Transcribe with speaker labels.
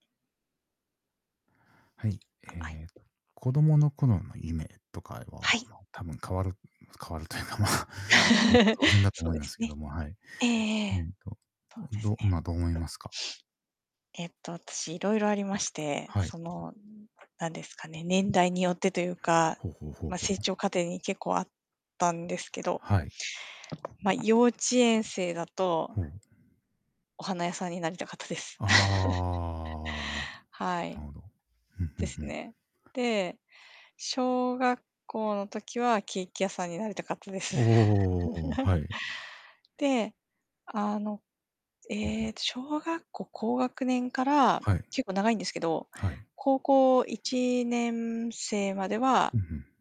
Speaker 1: はい。
Speaker 2: あ、あい。
Speaker 1: ええ子供の頃の夢とか
Speaker 2: は
Speaker 1: は、
Speaker 2: い。
Speaker 1: ま、多分変わる変わるというか、まあ変わって当然 だと
Speaker 2: そう
Speaker 1: 思い
Speaker 2: で
Speaker 1: ま
Speaker 2: す
Speaker 1: すけ
Speaker 2: ね。
Speaker 1: ども、はい。
Speaker 2: えええ
Speaker 1: えっ
Speaker 2: え。
Speaker 1: と、
Speaker 2: そうです
Speaker 1: どまあ、どう思い
Speaker 2: ね。
Speaker 1: ますか？
Speaker 2: えっと私いろいろありまして、
Speaker 1: はい。
Speaker 2: そのなんですかね、年代によってというか、
Speaker 1: ほうほうほう
Speaker 2: ま、
Speaker 1: ほ
Speaker 2: 成
Speaker 1: う。
Speaker 2: 長過程に結構あったんですけど。
Speaker 1: はい。
Speaker 2: ま、幼稚園生だと
Speaker 1: ほう。
Speaker 2: お花屋さんになりたかったです。
Speaker 1: ああ、
Speaker 2: はい。
Speaker 1: なるほど。ふんふ
Speaker 2: で
Speaker 1: ん
Speaker 2: す
Speaker 1: ふん。
Speaker 2: ね。で、小学校の時はケーキ屋さんになりたかったです。
Speaker 1: おおおおおおおおおお、はい。
Speaker 2: で、あの、
Speaker 1: うんう
Speaker 2: ええ
Speaker 1: ん。
Speaker 2: と小学校高学年から
Speaker 1: はい。
Speaker 2: 結構長いんですけど、
Speaker 1: はい。
Speaker 2: 高校1年生までは
Speaker 1: うんうん。